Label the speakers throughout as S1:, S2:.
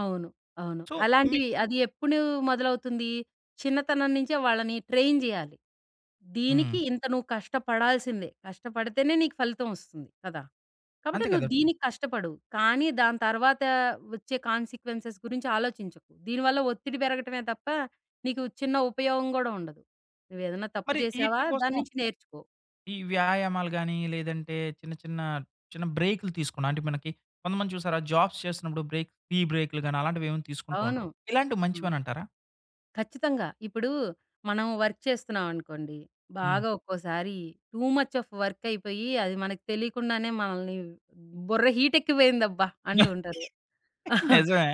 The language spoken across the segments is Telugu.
S1: అవును. అవును.
S2: సో, మీ
S1: అలాంటివి అది ఎప్పుడూ మొదలవుతుంది. చిన్నతనం నుంచే వాళ్ళని ట్రైన్ జేయాలి. దీనికి
S2: హ్మ్.
S1: ఇంత నువ్వు కష్టపడాల్సిందే. కష్టపడితేనే నీకు ఫలితం ఒస్తుంది. కదా! కాబట్టి
S2: అంతే
S1: నువ్వు
S2: కదా!
S1: దీనికి కష్టపడు. కానీ దాని తర్వాత వచ్చే కాన్సీక్వెన్సెస్ గురించి ఆలోచించకు. దీనివల్ల ఒత్తిడి పెరగటమే తప్ప, నీకు చిన్న ఉపయోగం గూడా ఉండదు. నువ్వేదన్నా తప్పు
S2: మరి ఈటిల
S1: జేసావా?
S2: కోసం
S1: దాన్నించి నేర్చుకో.
S2: ఈ వ్యాయామాలు గాని లేదంటే చిన్న చిన్న చిన్న బ్రేకులు తీసుకున్న అంటే మనకి కొంతమంది చూసారా? జాబ్స్ చేస్తున్నప్పుడు బ్రేక్ టీ బ్రేకులు గాని అలాంటివేవైనా తీసుకుంటూ
S1: అవును.
S2: ఉంటరు. ఇలాంటివి
S1: హ్మ్.
S2: మంచివనంటారా?
S1: ఖచ్చితంగా. ఇప్పుడు మనం వర్క్ చేస్తున్నావనుకోండి.
S2: హ్మ్.
S1: బాగా ఒక్కోసారి టూ ముచ్ ఆఫ్ వర్క్ అయిపోయి అది మనకు తెలియకుండానే మనల్ని బుర్ర హీట్ ఎక్కిపోయిందబ్బా! అంటూ ఉంటారు.
S2: నిజమే.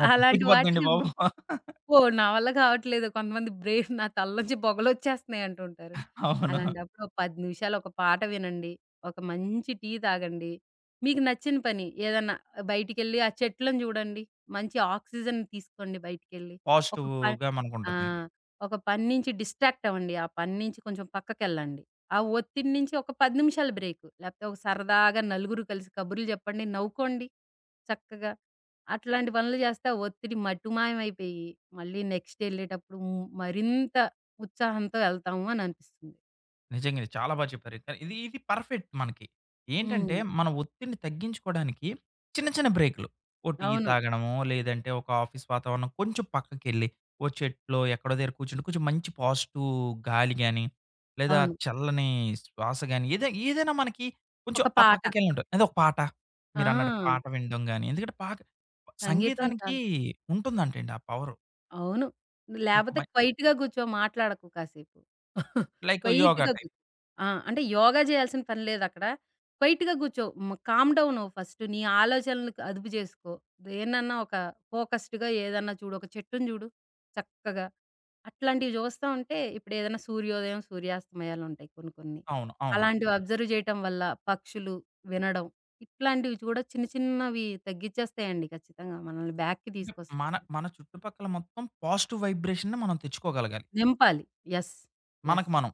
S2: అమ్మ!
S1: అలాంటి
S2: పిచ్చెక్కిపోద్దండి
S1: వాటికి
S2: బాబు!
S1: అబ్బో! నా వల్ల కావట్లేదు. కొంతమంది బ్రెయిన్ నా తలలో నుంచి పొగలొచ్చేస్తున్నాయి అంటుంటారు.
S2: అవును.
S1: అలాంటప్పుడొక 10 నిమిషాలు ఒక పాట వినండి. ఒక మంచి టీ తాగండి. మీకు నచ్చిన పని ఏదన్నా ఆహ్, బయటికెళ్ళి ఆ చెట్లను జూడండి. మంచి ఆక్సిజన్ తీసుకోండి బయటికెళ్ళి. ఒక ప
S2: పాజిటివ్‌గా
S1: ఆ!
S2: మనకుంటుంది.
S1: ఒక పని నుంచి డిస్ట్రాక్ట్ అవ్వండి. ఆ పని నుంచి కొంచెం పక్కకెళ్ళండి. ఆ ఒత్తిడి నుంచి ఒక 10 నిమిషాల బ్రేక్ లేకపోతే ఒక సరదాగా నలుగురు కలిసి కబుర్లు జెప్పండి. నవ్వుకోండి చక్కగా. అట్లాంటి పనులు చేస్తే ఆ ఒత్తిడి మటుమాయమైపోయి మళ్ళీ నెక్స్ట్ ఎళ్ళేటప్పుడు హ్మ్ మరింత ఉత్సాహంతో ఎళ్తాము అని అనిపిస్తుంది.
S2: నిజంగా. ఇది చాలా బా చెప్పారయితే. ఇది ఇది పర్ఫెక్ట్ మనకి. ఏంటంటే
S1: హ్మ్.
S2: మనం ఒత్తిడిని తగ్గించుకోడానికి చిన్న చిన్న బ్రేకులు, ఓ టీ
S1: అవును.
S2: తాగడమో లేదంటే ఒక ఆఫీస్ వాతావరణం కొంచెం పక్కకెళ్ళి ఓ చెట్లో ఎక్కడో దగ్గర కూర్చుంటే కొంచెం మంచి పాజిటివ్ గాలి గాని, లేదా
S1: అవును.
S2: చల్లని శ్వాస గాని ఏదై ఏదైనా మనకి కొంచెం
S1: ఒక
S2: ఆ
S1: పాట
S2: పక్కకెళ్ళినప్పుడు ఏదోక పాట, మీరన్నట్టు
S1: ఆ!
S2: పాట వినడం గాని ఎందుకంటే పాట
S1: సంగీతం
S2: సంగీతానికి
S1: చాలా
S2: ఉంటుందంటండి ఆ పవరు.
S1: అవును. లేపోతే
S2: ముకుమై
S1: క్వైట్‌గా గూర్చో మాట్లాడకు కాసేపు.
S2: లైక్ యోగా
S1: క్వైట్‌గా
S2: టైప్
S1: గూర్చో. ఆ! అంటే యోగా జేయాల్సిన పని లేదక్కడ. క్వైట్‌గా గూర్చో. మ కామ్ డౌన్ అవ్వు ఫస్ట్ నీ ఆలోచనలుకు అదుపు జేసుకో. దేన్నన్నా ఒక ఫోకస్డ్‌గా ఏదన్నా చూడు. ఒక చెట్టుని జూడు. చక్కగా, అట్లాంటివి జూస్తా ఉంటే ఇప్పుడేదన్నా సూర్యోదయం, సూర్యాస్తమయాలుంటాయి కొన్ని కొన్ని.
S2: అవును. అవును.
S1: అలాంటివి అబ్జర్వ్ జేయటం వల్ల పక్షులు వినడం ఇట్లాంటివి చూడగ చిన్న చిన్నవి తగ్గిచ్చేస్తాయండి ఖచ్చితంగా. మనల్ని బ్యాక్‌కి
S2: ఇప్ మన
S1: తీసుకొస్తాయి.
S2: మన చుట్టుపక్కల మొత్తం పాజిటివ్ వైబ్రేషన్‌ని మనం తెచ్చుకోగలగాలి...
S1: నింపాలి. యెస్! యెస్!
S2: మనకు మనం.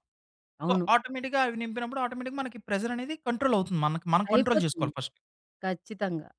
S2: సో,
S1: అవును.
S2: ఆటోమేటిక్‌గా అవి నింపినప్పుడు ఆటోమేటిక్‌గా మనకి ప్రెషరనేది కంట్రోలవుతుంది మనకి. మనం కంట్రోల్
S1: అయిపోతుంది.
S2: చేసుకోవాలి ఫస్ట్.
S1: ఖచ్చితంగా.